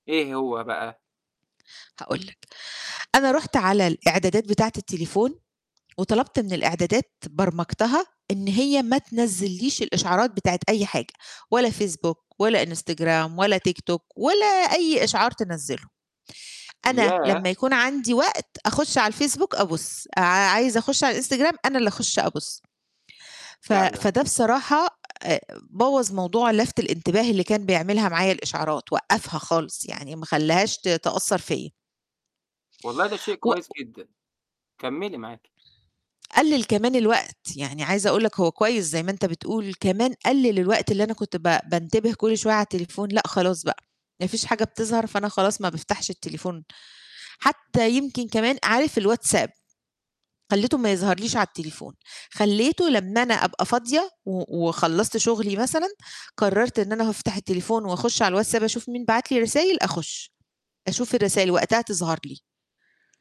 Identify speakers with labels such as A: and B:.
A: إيه هو بقى؟
B: هاقول لَك، أنا رُحت على الإعدادات بتاعة التليفون، وطلبت من الإعدادات برمجتها إن هي ما تنزّليش الإشعارات بتاعة أي حاجة، ولا فيسبوك ولا إنستجرام ولا تيك توك ولا أي إشعار تنزّله. أنا لما
A: ياه!
B: يكون عندي وقت، أخُش على الفيسبوك أبُص، عا عايزة أخُش على الإنستجرام أنا اللي أخُش أبُص. ف
A: فعلًا؟!
B: فده بصراحة أ بوّظ موضوع لفت الانتباه اللي كان بيعملها معايا الإشعارات، وقّفها خالص يعني، ما خلاهاش ت تأثّر فيّا.
A: والله ده شيء كويس
B: وق
A: جدًا، كملي معاكِ.
B: قلَّل كمان الوقت، يعني عايزة أقول لك، هو كويس زي ما أنت بتقول، كمان قلَّل الوقت اللي أنا كنت ب بانتبه كل شوية على التليفون، لأ خلاص بقى، ما فيش حاجة بتظهر، فأنا خلاص ما بافتحش التليفون حتى. يمكن كمان، عارف الواتساب؟ خليته ما يظهرليش على التليفون، خليته لما أنا أبقى فاضية، و وخلصت شغلي مثلًا، قررت إن أنا هافتح التليفون وأخُش على الواتساب، أشوف مين بعت لي رسايل؟ أخُش أشوف الرسايل وقتها تظهر لي.